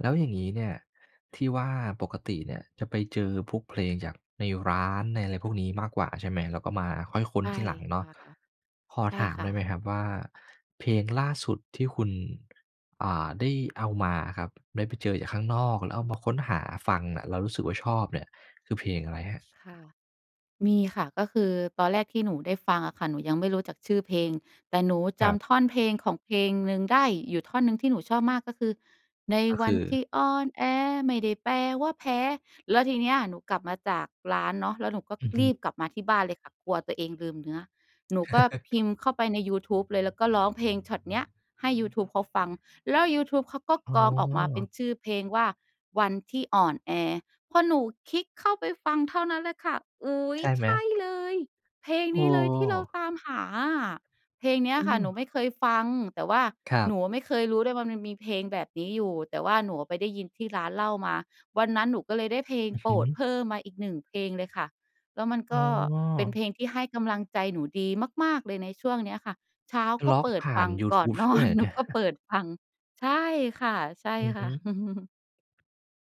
แล้วอย่างนี้เนี่ย ที่ว่าปกติเนี่ย จะไปเจอพวกเพลงจากในร้านในอะไรพวกนี้มากกว่า ใช่ไหม? แล้วก็มา ค่อยค้นใช่ที่หลังเนคาะ ่ะ ขอใช่ถามคไ่ด้ไหมะ ครับว่า เพลงล่าสุดที่คุณ อ่า ได้เอามาอะครับ ได้ไปเจอจากข้างนอก แล้วเอามาค้นหาฟังน่ะ แล้วรู้สึกว่าชอบเนี่ย คือเพลงอะไรครับ? ค่ะ มีค่ะ ก็คือตอนแรกที่หนูได้ฟังอะค่ะ หนูยังไม่รู้จักชื่อเพลง แต่หนูคจรับ ำท่อนเพลงของเพลงหนึ่งได้ อยู่ท่อนหนึ่งที่หนูชอบมากก็คือ ในก็วคันือ ที่อ่อนแอ ไม่ได้แปลว่าแพ้ แล้วทีเนี้ย หนูกลับมาจากร้านเนาะ แล้วหนูก็อือฮรึ ีบกลับมาที่บ้านเลยค่ะ กลัวตัวเองลืมเนื้อ หนูก็พิมพ์เข้าไปในยูทูบเลย แล้วก็ร้องเพลงช็อตเนี้ยให้ยูทูบเขาฟัง แล้วยูทูบเขาก็อ้กรองออกมาเป็อ นชื่อเพลงว่า "วันที่อ่อนแอ" พอหนูคลิกเข้าไปฟังเท่านั้นเลยค่ะ "อุ๊ใย ช่ไใหชม? ่เลย! เพลงโนอี้เลยที่เรา้ ตามหาอะ" เพลงเนี้ยอืค่ะหนูไมม ่เคยฟัง แต่ว่าครัหนบ ูไม่เคยรู้ด้วยว่า มันมีเพลงแบบนี้อยู่ แต่ว่าหนูไปได้ยินที่ร้านเหล้ามา วันนั้นหนูก็เลยได้เพลงอือโฮปรดึ เพิ่มมาอีกหนึ่งเพลงเลยค่ะ แล้วมันอก้็เป็นอ เพลงที่ให้กำลังใจหนูดีมาก ๆ เลยในช่วงเนี้ยค่ะ เช้ากล็็อกเปิดผ่ฟาันง ยูกท่อน ูบนดอ้วยเน หรอ หนเูนี่ย ก็เปิดฟัง ใช่ค่ะ อือฮึ ๆ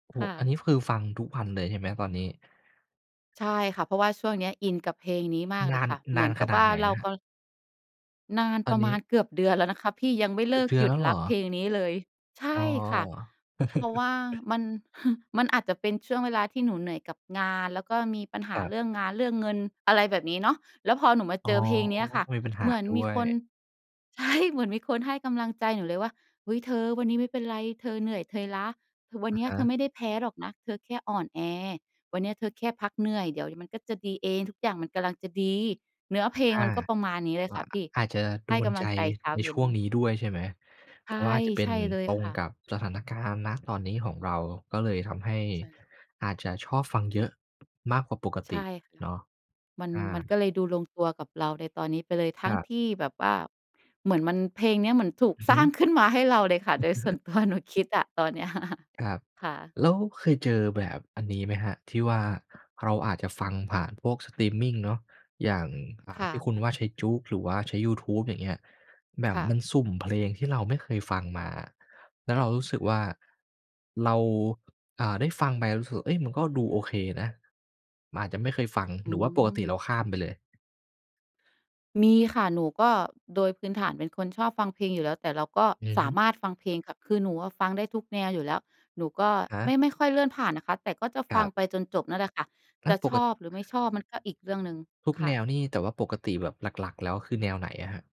โอ้คโฮ ่อันะ นี้คือฟังทุกวันเลย ใช่ไหมตอนนี้? ใช่ค่ะ เพราะว่าช่วงเนี้ยอินกับเพลงนี้มากนเลายน ค่ะ เนหมาืนอนกขับนาวด่าไหนเรา นะครัก บ? นานตอปนระนมี้ าณเกือบเดือนแล้วนะคะพี่ ยังไม่เกเืลอิบกเดือหนยุแลด้วเหรรักอ? เพลงนี้เลย ใชอ้อ ่ค่ะ เพราะว่ามัน มันอาจจะเป็นช่วงเวลาที่หนูเหนื่อยกับงาน แล้วก็มีปัญหคารับ เรื่องงาน เรื่องเงิน อะไรแบบนี้เนาะ แล้วพอหนูมาอ๋เอ จอเพลงเนี้ยค่ะ มีปัญหเาหมือนด้มีวคน ย ใช่ เหมือนมีคนให้กำลังใจหนูเลยว่า "อุ๊ย เธอวันนี้ไม่เป็นไร เธอเหนื่อย เธอล้า คือวัอนเะนี้ยฮเธอะ ไม่ได้แพ้หรอกนะ เธอแค่อ่อนแอ วันนี้เธอแค่พักเหนื่อย เดี๋ยวมันก็จะดีเอง ทุกอย่างมันกำลังจะดี" เนื้อเพลงอมา ันก็ประมาณนี้เลกย็ ค่ะพี่ อาจจะโใดห้นกำลใจังใจเช้าในเยช็่น วงนี้ด้วยใช่ไหม? ใเชพ่ ราะว่าอาจจะเปใ็ชน่เลยตรงค่กะ ับสถานการณ์ ณ ตอนนี้ของเรา ก็เลยทำให้ใช่ อาจจะชอบฟัง เยอะมากกว่าปกใตช่ิค่ะ เนาะ? มัน อมันา ก็เลยดูลงตัวกับเราในตอนนี้ไปเลย ทัค้รงัทบ ี่แบบว่า เหมือนมัน เพลงเนี้ยมันถูก อือฮสรึ ้าง ขึ้นมาให้เราเลยค่ะ โดยส่วน ตัว หนูคิดอ่ะ ตอนเนี้ย ครับ ค่ะ แล้วเคยเจอแบบอันนี้ไหมครับ ที่ว่าเราอาจจะฟังผ่านพวกสตรีมมิงเนาะ อย่าง อ่คา ่ที่คะ ุณว่า ใช้ JOOX หรือว่าใช้ยูทูบ อย่างเงี้ย แบคบ่มะ ันสุ่มเพลงที่เราไม่เคยฟังมา แล้วเรารู้สึกว่าเรา อ่า ได้ฟังไปรู้สึกว่า เอ๊ย มันก็ดูโอเคนะ มันอาจจะไม่เคยฟัง อืหรือว่าปกติเราม ข้ามไปเลย? มีค่ะ หนูก็ โดยพื้นฐานเป็นคนชอบฟังเพลงอยู่แล้ว แต่เราก็อือสฮาึ มารถฟังเพลงค่ะ คือหนูอะฟังได้ทุกแนวอยู่แล้ว หนูก็ครัไบ ม่ ไม่ค่อยเลื่อนผ่านนะคะ แต่ก็จะคฟรัังบ ไปจนจบนั่นแหละค่ะ และจะปชกกะ อบ หรือไม่ชอบก็อีกเรื่องหนึ่ง ทุกคแ่นะ วนี่ แต่ว่าปกติแบบหลัก ๆ แล้ว คือแนวไหนอะครับ?